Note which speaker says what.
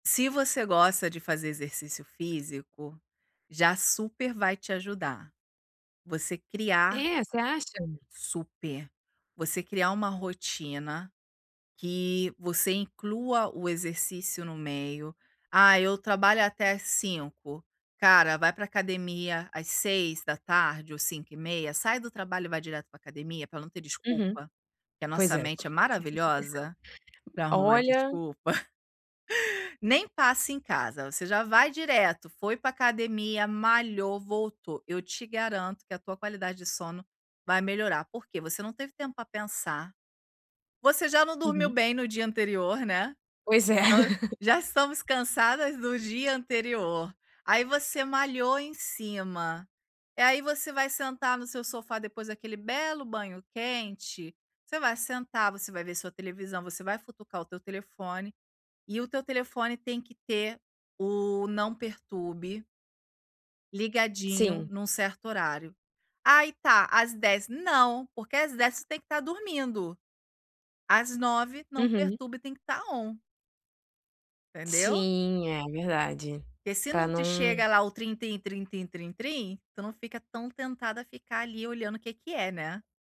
Speaker 1: Se você gosta de fazer exercício físico, já super vai te ajudar. Você criar
Speaker 2: É, você acha?
Speaker 1: Super. Você criar uma rotina, que você inclua o exercício no meio. Ah, eu trabalho até 5. Cara, vai pra academia às 18h ou 17h30. Sai do trabalho e vai direto pra academia, pra não ter
Speaker 2: Uhum.
Speaker 1: desculpa, porque a
Speaker 2: Pois
Speaker 1: nossa
Speaker 2: é.
Speaker 1: mente é maravilhosa pra arrumar
Speaker 2: Olha.
Speaker 1: desculpa. Nem passe em casa, você já vai direto. Foi pra academia, malhou, voltou. Eu te garanto que a tua qualidade de sono vai melhorar. Por quê? Você não teve tempo pra pensar. Você já não dormiu
Speaker 2: Uhum.
Speaker 1: bem no dia anterior, né.
Speaker 2: Pois é.
Speaker 1: Já estamos cansadas do dia anterior. Aí você malhou em cima e aí você vai sentar no seu sofá depois daquele belo banho quente. Você vai sentar, você vai ver sua televisão, você vai futucar o teu telefone e o teu telefone tem que ter o não perturbe ligadinho
Speaker 2: Sim.
Speaker 1: num certo horário. Aí tá. Às 10 não, porque às 10 você tem que estar dormindo. Às 9 o não
Speaker 2: Uhum.
Speaker 1: perturbe tem que estar on entendeu?
Speaker 2: Sim, é verdade.
Speaker 1: E se
Speaker 2: Pra
Speaker 1: não te chega
Speaker 2: não
Speaker 1: lá o trin trin trin trin trin, tu não fica tão tentada a ficar ali olhando o que que é, né?